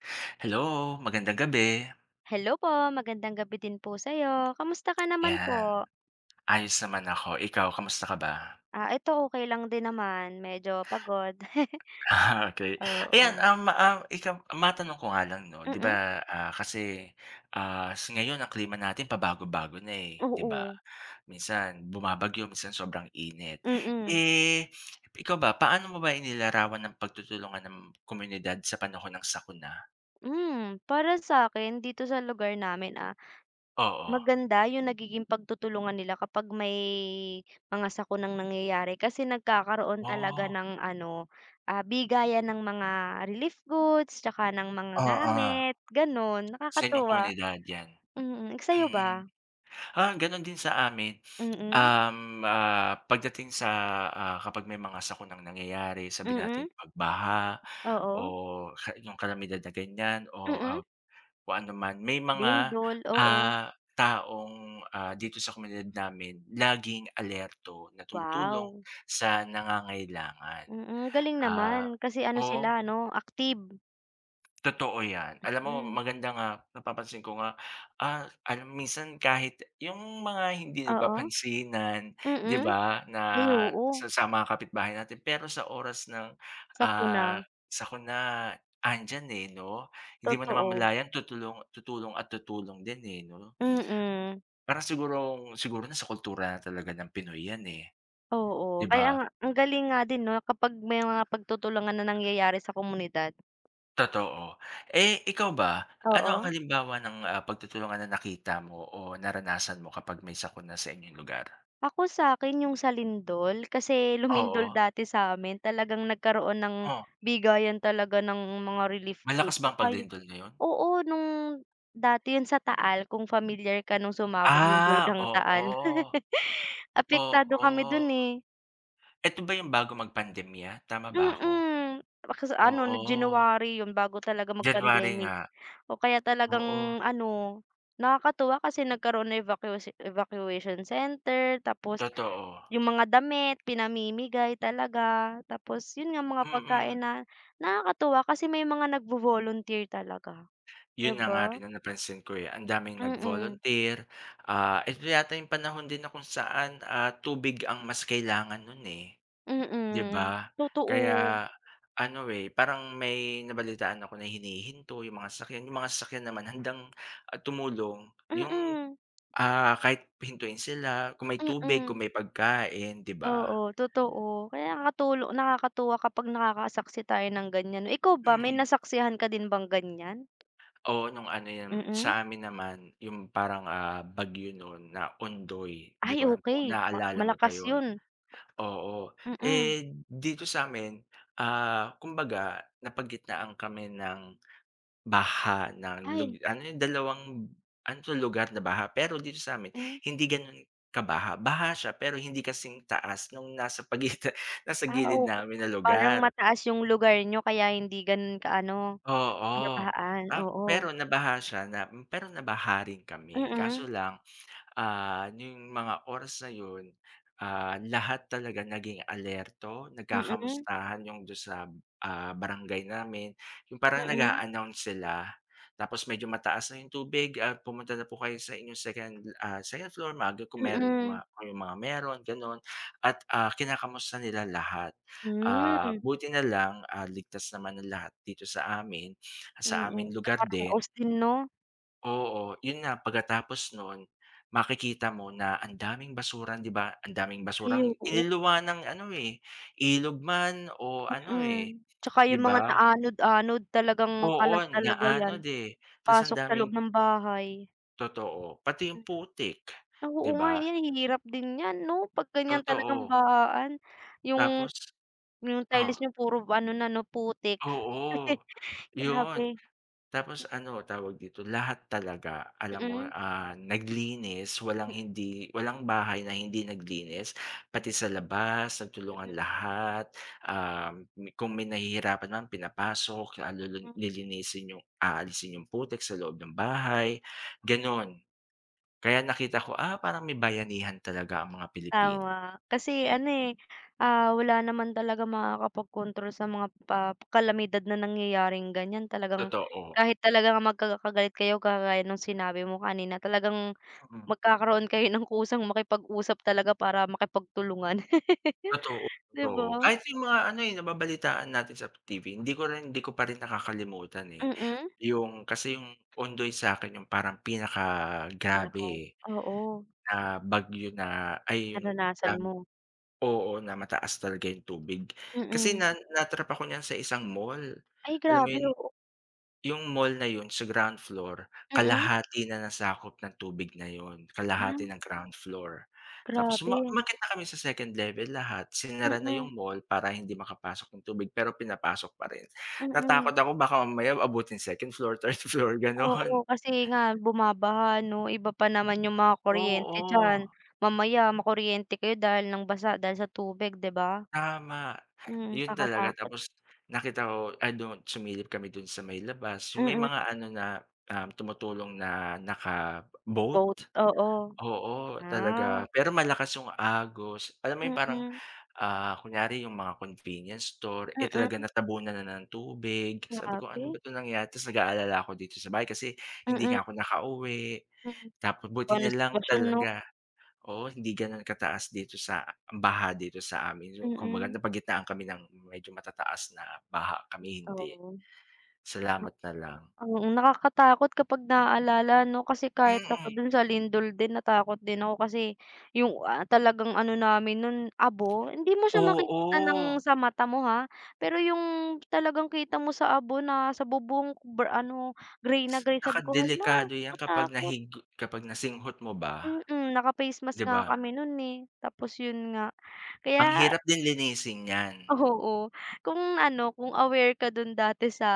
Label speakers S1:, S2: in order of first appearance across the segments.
S1: Hello, magandang gabi.
S2: Hello po, magandang gabi din po sayo. Kamusta ka naman
S1: 'Yan,
S2: po?
S1: ayos naman ako. Ikaw, kamusta ka ba?
S2: Ah, eto, okey lang din naman, medyo pagod.
S1: Ah, okey. Ayan,
S2: Oo.
S1: ah, ma ah, ikam matanong ko nga lang no, 'di ba,
S2: Mm.
S1: ah, kasi, ah, s ngayon ang klima natin pabago-bago na, eh, 'di ba?
S2: Oo.
S1: minsan bumabagyo, minsan sobrang init.
S2: Mm.
S1: Eh, ikaw ba, paano mo ba inilarawan ang pagtutulungan ng komunidad sa panahon ng sakuna?
S2: Hmm, para sakin, dito sa lugar namin, ah,
S1: Oo.
S2: maganda 'yung nagiging pagtutulungan nila kapag may mga sakunang nangyayari. Kasi nagkakaroon talaga
S1: Woah.
S2: ng ano bigayan ng mga relief goods tsaka ng mga
S1: Oo.
S2: gamit, ganun.
S1: Sa inyong
S2: Nakakatuwa.
S1: komunidad 'yan.
S2: Mm, sa'yo
S1: Mm.
S2: ba?
S1: Ah, ganun din sa amin.
S2: Mm.
S1: Um, ah, Pagdating sa, ah, kapag may mga sakunang nangyayari, sabihin
S2: Mm.
S1: nating pagbaha o
S2: Oo.
S1: ha 'yung kalamidad na ganyan. Oh,
S2: Mm.
S1: ah, kung ano man. May mga,
S2: Lindol, oo.
S1: ah, taong, ah, dito sa komunidad namin laging alerto na tumutulong
S2: Wow.
S1: sa nangangailangan.
S2: Mm, galing
S1: Ah,
S2: naman. Kasi ano,
S1: oh
S2: sila 'no, active.
S1: Totoo 'yan. Alam mo,
S2: Hmm.
S1: maganda nga napapansin ko nga. Ah, alam mo minsan kahit 'yung mga hindi
S2: Oo.
S1: nagpapansinan di
S2: Mm.
S1: ba nga
S2: Ay oo.
S1: sa sa mga kapitbahay natin, pero sa oras ng, ah,
S2: Sakuna.
S1: sakuna 'andiyan, eh, no? Di mo
S2: Totoo.
S1: namamalayan, tutulong. tutulong at tutulong din, eh, 'no.
S2: Mm.
S1: Para siguro siguro na sa kultura na talaga ng Pinoy 'yan, eh,
S2: Oo.
S1: 'di
S2: Kaya
S1: ba?
S2: nga ang galing nga din, 'no, kapag may mga pagtutulungan na nangyayari sa komunidad.
S1: Totoo, eh, ikaw ba ano ang
S2: Oo.
S1: halimbawa ng, ah, pagtutulungan na nakita mo o naranasan mo kapag may sakuna sa inyong lugar?
S2: Ako sa 'kin yung sa lindol, kasi lumindol
S1: Oo.
S2: dati sa amin talagang nagkaroon ng
S1: Oh.
S2: bigayan talaga ng mga relief goods.
S1: Malakas
S2: 'At
S1: ba ang
S2: saka yung,
S1: paglindol na 'yon?
S2: oo nung dati yun sa taal kung familiar ka nung sumabog yung
S1: Ah
S2: bulkang
S1: oo,
S2: taal, apektado
S1: oo.
S2: kami dun, eh.
S1: Eto ba yung bago mag-pandemya tama ba ako?
S2: Mm, kas
S1: Oo,
S2: ano January 'yon bago talaga
S1: January
S2: mag-pandemic.
S1: nga,
S2: Oh, kaya
S1: oo.
S2: talagang ano, nakakatuwa kasi nagkaroon ng evacuatio evacuation center, tapos
S1: Totoo.
S2: yung mga damit pinamimigay talaga, tapos yun nga mga
S1: Mm.
S2: pagkain na nakakatuwa kasi may mga nag-vo-volunteer talaga, 'di
S1: Yun na nga
S2: ba.
S1: rin ang napansin ko, eh, ang daming
S2: Mm.
S1: nag-volunteer, ah, eto yata yung panahon din na kung saan, ah, tubig ang mas kailangan nun, eh, 'di
S2: Mm,
S1: ba.
S2: totoo.
S1: Kaya ano, eh, parang may nabalitaan ako na hinihinto yung mga sasakyan, yung mga sasakyan naman handang, ah, tumulong yung,
S2: Mm.
S1: ah, kahit hintuin sila kung may tubig
S2: Mm.
S1: kung may pagkain 'di ba.
S2: Oo totoo, kaya nakatulo nakakatuwa kapag nakakasaksi tayo ng ganyan, ikaw ba may
S1: Mm.
S2: nasaksihan ka din bang ganyan?
S1: Oo nung ano yan,
S2: Mm.
S1: sa amin naman yung parang ah bagyo no'n na ondoy, 'di
S2: Ay
S1: ko alam kung
S2: okey, ma
S1: naalala mo pa
S2: malakas
S1: yun.
S2: yun.
S1: Oo,
S2: Mm.
S1: eh, dito sa 'min, ah kumbaga napagitnaan kami ng baha ng lug
S2: Ay.
S1: ano yung dalawang ano 'to lugar na baha, pero dito sa 'min
S2: Hmm.
S1: hindi ganon kabaha. Baha siya pero hindi kasing taas nung nasa pagitan, nasa
S2: Ah
S1: gilid
S2: okey,
S1: namin na
S2: parang
S1: lugar.
S2: mataas yung lugar niyo kaya hindi ganun ka-ano
S1: Oo
S2: kinabaan,
S1: ta
S2: oo.
S1: pero nabaha siya na pero nabaha rin kami
S2: Mm.
S1: kaso lang, ah, n'yong mga oras na yun, ah, lahat talaga naging alerto,
S2: Mm.
S1: nagkakamustahan 'yong do'n sa, ah, barangay namin. Yung parang
S2: Mm.
S1: nag-a-announce sila, tapos medyo mataas na 'yong tubig at pumunta na po kayo sa inyong second, ah, second floor maaga kung mero ma
S2: Mm.
S1: kayong mga meron gano'n, at, ah, kinakamusta nila lahat. Ah,
S2: Hmm.
S1: buti nalang, ah, ligtas naman ang lahat dito sa amin, sa
S2: Mm,
S1: aming lugar din.
S2: nakaraos din 'no.
S1: Oo yun na. Pagkatapos nun, makikita mo na ang daming basura 'di ba, ang daming
S2: Ay,
S1: basurang
S2: oo.
S1: iniluwa ng ano, eh, ilog man o ano, eh,
S2: Mm. Tsaka
S1: di
S2: yung mga
S1: ba?
S2: na-anod-anod, talagang
S1: Oo,
S2: kalat talaga yan,
S1: inaanod ,eh. Tas ang
S2: pasok sa loob
S1: daming
S2: ng bahay.
S1: Totoo, pati yung
S2: Hmm.
S1: putik
S2: Oo
S1: 'di
S2: nga, eh,
S1: ba?
S2: yan hirap din yan 'no, 'pag ganyan talagang
S1: Totoo.
S2: bahaan. Yung
S1: Tapos.
S2: yung
S1: Oh.
S2: tiles nyo puro ano na 'no, putik.
S1: Oo. 'Yun.
S2: Grabe.
S1: Tapos ano tawag dito, lahat talaga alam mo,
S2: Mm.
S1: ah, naglinis walang hindi walang bahay na hindi naglinis. Pati sa labas, sa tulungan
S2: Mm.
S1: lahat. Um, kung may nahihirapan naman pinapasok. Ah,
S2: Hmm.
S1: lilinisin yung aalisin yung putik sa loob ng bahay, ganon. Kaya nakita ko, "ah, parang may bayanihan talaga ang mga Pilipino".
S2: Tama, kasi ano, eh, ah, wala naman talagang makakapag-kontrol sa mga pa kalamidad na nangyayaring ganyan. Talagang
S1: Totoo.
S2: kahit talaga magkaka-galit kayo, kagaya nung sinabi mo kanina, talagang
S1: Mm.
S2: magkakaroon kayo ng kusang makipag-usap talaga, para makipagtulungan.
S1: Totoo,
S2: 'Di
S1: totoo.
S2: ba?
S1: Kahit yung mga ano, eh, nababalitaan natin sa T-V. Hindi ko rin hindi ko pa rin nakakalimutan, eh.
S2: Mm.
S1: Yung kasi yung Ondoy sakin, yung parang pinaka
S2: Miracle,
S1: grabe, eh.
S2: oo.
S1: na bagyo na, ay
S2: Naranasan mo.
S1: oo, na mataas talaga yung tubig, kasi
S2: Mm.
S1: na na-trap ako niyan sa isang mall, al
S2: Ay
S1: alam mo
S2: grabe,
S1: yun?
S2: oo.
S1: Yung mall na yun, sa ground floor,
S2: Mm.
S1: kalahati na na-sakop ng tubig na yun, kalahati
S2: Ay.
S1: ng ground floor. Tapos uma
S2: Grabe.
S1: umakyat na kami sa 2nd level lahat. Sinara na
S2: Mm.
S1: yung mall para hindi makapasok ng tubig, pero pinapasok pa rin.
S2: Mm.
S1: Natakot ako baka mamaya abutin 2nd floor, 3rd floor,
S2: Oo
S1: ganon.
S2: kasi nga, bumabaha 'no. Iba pa naman yung mga kuryente diyan,
S1: Oo.
S2: mamaya makuryente kayo dahil ng basa dahil sa tubig, 'di ba?
S1: Tama.
S2: Mm,
S1: Yun talaga,
S2: kakatakot.
S1: tapos nakita ko ay dun sumilip kami dun sa may labas, yung may
S2: Mm.
S1: mga ano na, um, tumutulong na naka boat.
S2: Boat. Oo.
S1: Oo, talaga
S2: Ah.
S1: pero malakas yung agos alam mo yung parang,
S2: Mm.
S1: ah, kunyari yung mga convenience store, eh,
S2: Mm.
S1: talaga natabunan na ng tubig. Sabi ko, "Ano ba
S2: Grabe.
S1: to nangyaya", tas nag-aalala ako dito sa bahay kasi hindi
S2: Mm.
S1: nga ako nakauwi.
S2: Mm,
S1: Tapos buti
S2: pano
S1: nalang
S2: sitwasyon no.
S1: talaga, oo, hindi ganon kataas dito sa baha dito sa amin, yung kung
S2: Mm.
S1: maganda napagitaan kami ng medyo matataas na baha, kami hindi.
S2: Oo.
S1: Salamat na lang.
S2: Mm, nakakatakot kapag naalala 'no, kasi kahit
S1: Mm.
S2: ako dun sa lindol din natakot din ako kasi yung, ah, talagang ano namin nun, abo. Hindi mo siya makikita ng
S1: Oo.
S2: sa mata mo ha, pero yung talagang kita mo sa abo na sa bubong br ano grey na grey
S1: Naka
S2: sabi ko, "hala,
S1: delikado 'yan, kapag
S2: katakot".
S1: nahig kapag nasinghot mo ba?
S2: Mm, naka face
S1: 'di
S2: mask nga
S1: ba?
S2: kami nun, eh. Tapos yun nga
S1: Ang
S2: kaya
S1: hirap din lisin nyan.
S2: Oo. Kung ano, kung aware ka dun dati sa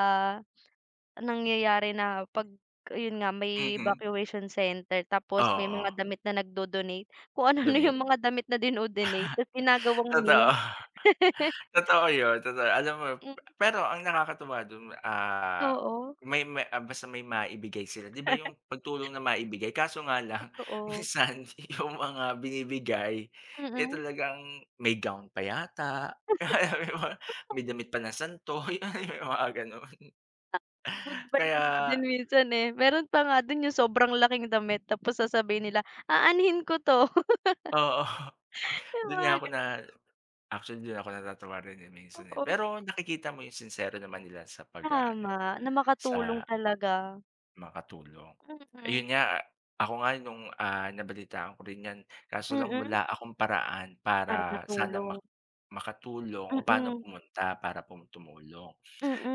S2: nangyayari na pag, 'yun nga, may
S1: Mhm.
S2: evacuation center tapos may mga
S1: Oo.
S2: damit na nag-do-donate. Kung ano-ano
S1: Donate.
S2: yung mga damit na dino-donate. Ta's ginagawang
S1: Totoo.
S2: meme.
S1: Totoo yun, totoo yu Alam mo,
S2: Mm.
S1: pero ang nakakatuwa dun, ah,
S2: Oo.
S1: may may ah, basta may maibigay sila 'di ba, yung pagtulong na maibigay. Kaso nga lang
S2: Totoo.
S1: minsan, yung mga binibigay, eh,
S2: Mm.
S1: talagang may gown pa yata. May damit pa ng santo, yun yung mga ganun.
S2: Good vibes
S1: Kaya
S2: din minsan, eh. Meron pa nga dun, yung sobrang laking damit tapos sasabihin nila, "Aanhin ko 'to?"
S1: Oo.
S2: Yung
S1: Du'n
S2: mga
S1: nga ako
S2: ga
S1: na actually du'n ako natatawa rin, eh, minsan, eh.
S2: Oo.
S1: Pero nakikita mo yung sinsero naman nila sa pag-aano,
S2: Tama, na makatulong
S1: sa
S2: talaga.
S1: Makatulong
S2: Mm.
S1: ayun nga, ako nga nung, ah, nabalitaan ko rin 'yan kaso lang
S2: Mm.
S1: wala akong paraan
S2: Para
S1: para sana ma
S2: natulong.
S1: makatulong o paano
S2: Mm.
S1: pumunta para tumulong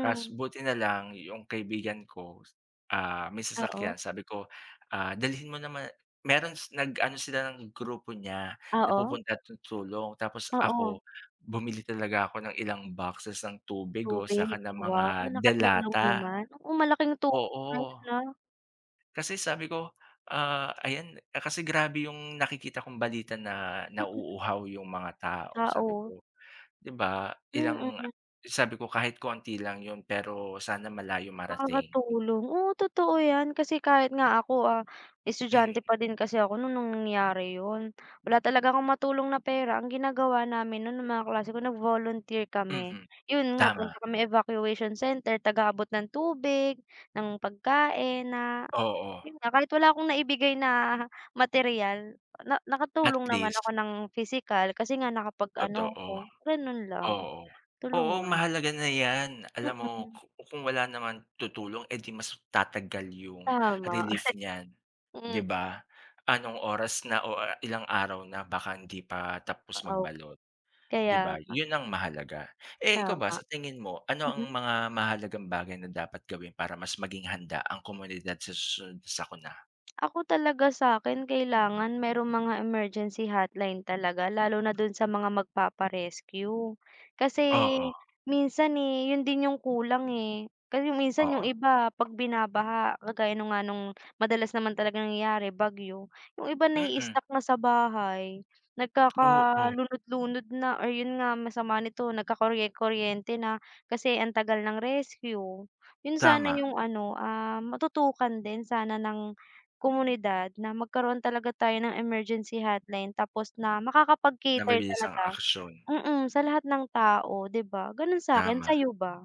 S1: kas buti na lang 'yong kaibigan ko, ah, may sasakyan
S2: Oo.
S1: sabi ko "dalhin mo naman" meron nag-ano sila ng grupo niya
S2: Oo.
S1: napupunta tulong tapos
S2: Oo.
S1: ako bumili talaga ako ng ilang boxes ng tubig o
S2: Tubig.
S1: saka ng mga
S2: Wow! nakatulong
S1: delata.
S2: naman. Oo malaking tulong na
S1: Oo.
S2: 'yun, ah.
S1: Kasi sabi ko, ah, ayan kasi grabe 'yung nakikita kong balita na nauuhaw 'yung mga tao,
S2: Ah,
S1: sabi
S2: oo.
S1: ko 'di ba, ilang
S2: Mm.
S1: sabi ko kahit konti lang 'yun pero sana malayo marating.
S2: Nakakatulong. Oo, totoo 'yan kasi kahit nga ako, ah,
S1: Hmm.
S2: estudyante pa din kasi ako no'n nang nangyari 'yon. Wala talaga akong matulong na pera ang ginagawa namin no'n mga klase ko nag-volunteer
S1: Hmm,
S2: kami.
S1: hmm.
S2: Iyon nga punta
S1: Tama.
S2: kami Evacuation Center, taga-abot ng tubig, ng pagkain na,
S1: Oo.
S2: 'yon nga kahit wala akong naibigay na materyal na
S1: At
S2: nakatulong naman ako
S1: least.
S2: ng pisikal kasi nga nakapag-ano
S1: Totoo.
S2: ko gano'n lang,
S1: Oo. Oo,
S2: tulungan.
S1: mahalaga na 'yan alam mo
S2: Mm.
S1: kung wala naman tutulong 'di mas tatagal yung
S2: Tama.
S1: relief niyan, 'di
S2: Hmm.
S1: ba? Anong oras na o ilang araw na baka hindi pa tapos
S2: Oo.
S1: magbalot 'di
S2: Kaya
S1: ba?
S2: nga.
S1: 'Yun ang mahalaga, eh, ikaw ba
S2: Tama.
S1: sa tingin mo ano ang
S2: Mm.
S1: mga mahalagang bagay na dapat gawin para mas maging handa ang komunidad sa susunod sakuna?
S2: Ako talaga sa'kin kailangan may mga emergency hotline talaga, lalo na dun sa mga magpapa-rescue. Kasi
S1: Oo.
S2: minsan e, 'yun din yung kulang, eh. Kasi minsan yung
S1: Oo.
S2: iba pag binabaha kagaya nga nung madalas naman talagang nangyayari bagyo, 'yung iba
S1: Mm.
S2: naii-stock na sa bahay, nagkaka
S1: Oo.
S2: lunod lunod na, or 'yun nga masama nito nagkakorye kuryente na kasi ang tagal ng rescue. 'Yun sana
S1: Tama.
S2: 'yung ano, ah, matutukan din sana ng komunidad na magkaroon talaga tayo ng emergency hotline tapos na
S1: Na
S2: makakapag-cater
S1: malinis ang
S2: talaga.
S1: aksiyon.
S2: Hmm, hmm. Sa lahat ng tao di ba ganun sa'kin,
S1: Tama.
S2: sayo ba?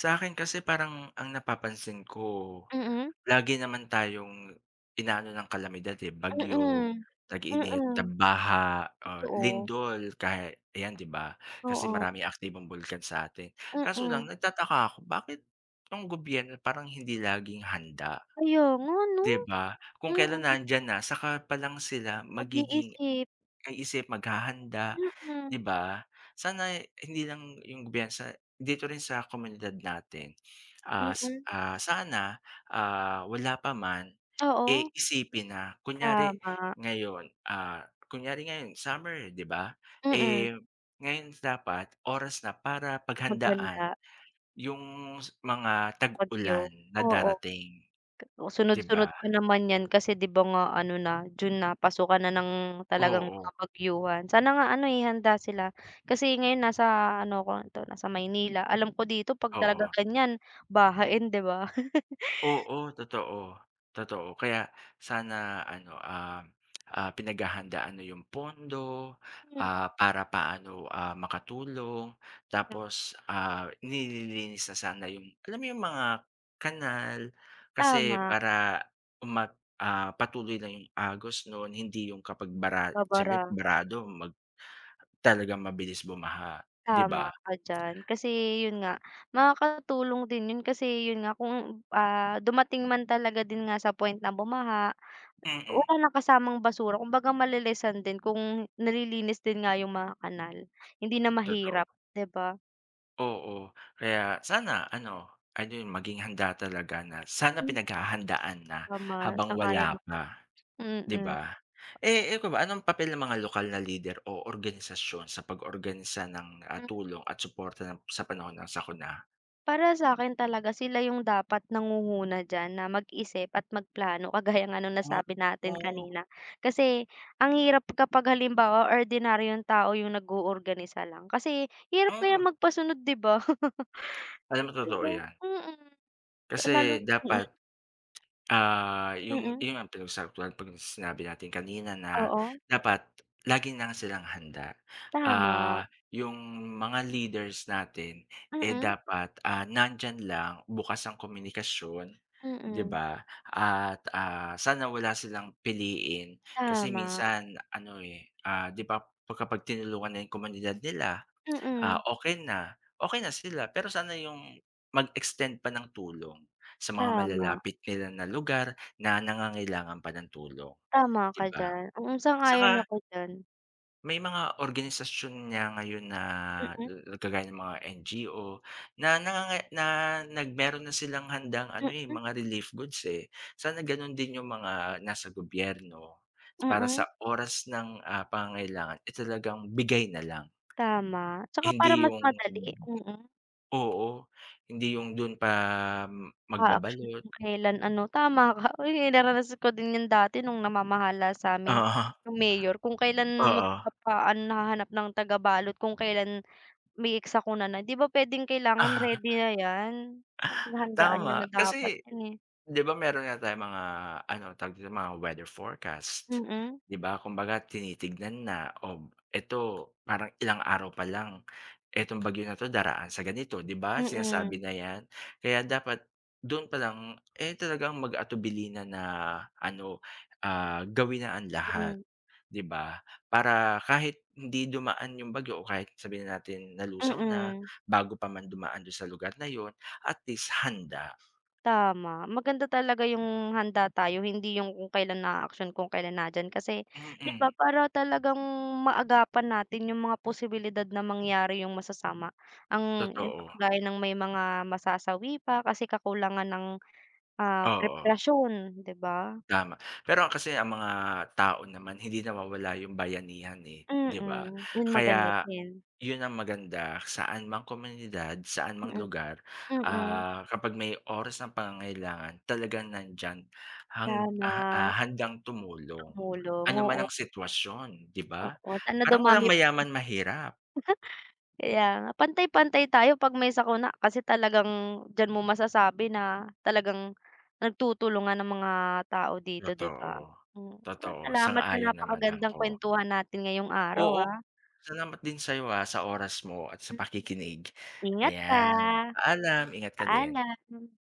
S1: Sa'kin kasi parang ang napapansin ko,
S2: Mm.
S1: lagi naman tayong inaano ng kalamidad, eh, bagyo,
S2: Mm.
S1: tag-init,
S2: Mm.
S1: tag-baha, ah,
S2: Totoo.
S1: lindol kaya ayan 'di ba? Kasi
S2: Oo.
S1: maraming aktibong bulkan sa atin. Kaso lang
S2: Mm.
S1: nagtataka ako bakit itong gobyerno parang hindi laging handa,
S2: Kaya nga no?
S1: 'di ba? Kung kailan
S2: Mm.
S1: nandiyan na saka pa lang sila
S2: Pag
S1: magiging
S2: iisip.
S1: kaisip, maghahanda, di
S2: Mm.
S1: ba sana hindi lang 'yong bansa, dito rin sa komunidad natin. Ah,
S2: Mm.
S1: sana, ah, wala pa man e,
S2: Oo.
S1: isipin na kunyari
S2: Tama.
S1: ngayon, ah, kunyari ngayon summer 'di ba.
S2: Mm.
S1: Eh, ngayon dapat oras na para paghandaan
S2: Maghanda.
S1: 'yung mga tag-ulan
S2: Bagyo,
S1: na
S2: oo.
S1: darating. 'Di ba?
S2: Sunod-sunod pa naman 'yan kasi di ba nga ano na June na, pasukan na ng talagang
S1: Oo.
S2: mga bagyuhan. Sana nga ano, eh, handa sila. kasi ngayon nasa ano ko 'to nasa Maynila. Alam ko dito pag talaga
S1: Oo
S2: gan'yan bahain di ba
S1: Oo. Totoo, totoo kaya sana ano, ah, ah, pinaghahandaan na 'yung pondo,
S2: Hmm.
S1: ah, para paano, ah, makatulong,
S2: [unintelligible]
S1: tapos, ah, nililinis na sana 'yung, alam mo 'yung mga kanal kasi
S2: Tama.
S1: para umah ah, patuloy na yung agos noon hindi 'yung kapag bara siyempre
S2: Babara.
S1: barado mag talagang mabilis bumaha, 'di
S2: Tama
S1: ba?
S2: ka diyan. Kasi 'yun nga makakatulong din 'yun kasi yun nga kung, ah, dumating man talaga din nga sa point ng bumaha
S1: Mm.
S2: wala ng kasamang basura, kung baga mali-lessan din kung nalilinis din nga 'yung mga kanal hindi na
S1: Totoo
S2: mahirap 'di ba?
S1: Oo, kaya sana ano ano 'yong maging handa talaga na sana
S2: Hmm.
S1: pinaghahandaan na
S2: Tama,
S1: habang
S2: sangayon
S1: wala
S2: ako.
S1: pa, 'di
S2: Mm.
S1: ba? Eh, ikaw ba anong papel ng mga lokal na leader o organisasyon sa pag-organisa ng, ah,
S2: Mhm.
S1: tulong at suporta ng sa panahon ng sakuna?
S2: Para sa'kin talaga sila 'yong dapat nangunguna d'yan na mag-isip at mag plano, kagaya nga no'ng
S1: Ah.
S2: nasabi natin kanina kasi ang hirap kapag halimbawa ordinaryong tao 'yong nag-o-organisa lang kasi hirap kaya
S1: Mm.
S2: magpasunod 'di ba?
S1: Alam mo, totoo 'yan.
S2: Mhm. Lalo
S1: Kasi
S2: mm.
S1: dapat, ah, 'yung
S2: Mm.
S1: [unintelligible] 'pag sinabi natin kanina na
S2: Oo.
S1: dapat lagi ng silang handa,
S2: Tama.
S1: ah, 'yung mga leaders natin, eh,
S2: Mm.
S1: dapat, ah, nandiyan lang bukas ang komunikasyon 'di
S2: Mm.
S1: ba? At, ah, sana wala silang piliin kasi
S2: Tama.
S1: minsan ano, eh, ah, 'di ba kapag tinulungan na 'yung komunidad nila, ah,
S2: Mm.
S1: okay na okay na sila pero sana 'yung mag-extend pa ng tulong sa mga
S2: Tama.
S1: malalapit nila na lugar na nangangailangan pa ng tulong,
S2: Tama
S1: 'di
S2: ka
S1: ba?
S2: d'yan, mm, sang-ayon
S1: tsaka
S2: ako d'yan.
S1: ...may mga organisasyon niya ngayon na
S2: Mm.
S1: kagaya ng mga NGO na na nga nga na nag meron na silang handang ano, eh,
S2: Mm.
S1: mga relief goods, eh, sana gano'n din 'yong mga nasa gobyerno para
S2: Mm.
S1: sa oras ng, ah, pangangailangan, eh, talagang bigay na lang.
S2: Tama, 'tsaka para
S1: Hindi
S2: mas
S1: 'yong
S2: madali, mm.
S1: Oo hindi 'yong do'n pa
S2: A action
S1: magbabalot
S2: kung kailan ano tama ka oy, naranasan ko din 'yan dati no'ng namamahala sa'min
S1: Oo.
S2: 'yong mayor kung kailan
S1: Oo.
S2: magpapaan hahanap ng taga balot kung kelan may sakuna na, 'di ba p'wedeng kailangan ready na 'yan, pinaghandaan n'yo
S1: Tama
S2: na dapat
S1: kasi,
S2: 'yan, eh.
S1: 'di ba meron nga tayong mga ano tawag dito mga weather forecast
S2: Mm.
S1: 'di ba kumbaga tinitignan na o eto parang ilang araw pa lang etong bagyo na 'to daraan sa ganito 'di ba, sinasabi
S2: Mm.
S1: na 'yan kaya dapat do'n palang, eh, talagang mag-atubili na na ano ah, gawin na ang lahat
S2: Mm.
S1: 'di ba, para kahit hindi dumaan 'yong bagyo o kahit sabihin nanatin nalusaw na
S2: Mm.
S1: bago pa man dumaan do'n sa lugar na 'yon at least handa.
S2: Tama, maganda talaga 'yong handa tayo, hindi 'yong kung kailan aaksyon kung kailan na diyan kasi, 'di
S1: Mm.
S2: ba, para talagang maagapan natin 'yong mga posibilidad na mangyari 'yong masasama, ang 'yon nga,
S1: Totoo.
S2: kagaya ng may mga masasawi pa kasi kakulangan ng, ah,
S1: Oo.
S2: preparasyon, 'di ba?
S1: Tama, pero kasi ang mga tao naman hindi nawawala 'yong bayanihan, eh, 'di ba?
S2: Mm, 'yun maganda
S1: Kaya,
S2: din.
S1: 'yon ang maganda, saan mang komunidad, saan mang
S2: Mhm.
S1: lugar,
S2: Mm.
S1: ah, kapag may oras ng pangangailangan talagang nandiyan hang
S2: Sana.
S1: ah-ah, handang tumulong,
S2: Tumulong,
S1: ano man
S2: oo.
S1: ang sitwasyon, 'di ba?
S2: Oo, sana
S1: Parang walang
S2: dumami p
S1: mayaman, mahirap.
S2: Kaya nga, pantay-pantay tayo 'pag may sakuna kasi talagang, diyan mo masasabi na, talagang nagtutulungan ang mga tao dito 'di ba?
S1: Totoo.
S2: Hmm, sala
S1: Totoo,
S2: salamat sa
S1: sang-ayon naman
S2: napakagandang
S1: ako.
S2: kuwentuhan natin ngayong araw,
S1: Oo,
S2: ah.
S1: salamat din sa 'yo, ah, sa oras mo at sa
S2: Mhm.
S1: pakikinig.
S2: Ingat ka.
S1: Ayan, paalam, ingat ka din.
S2: Paalam.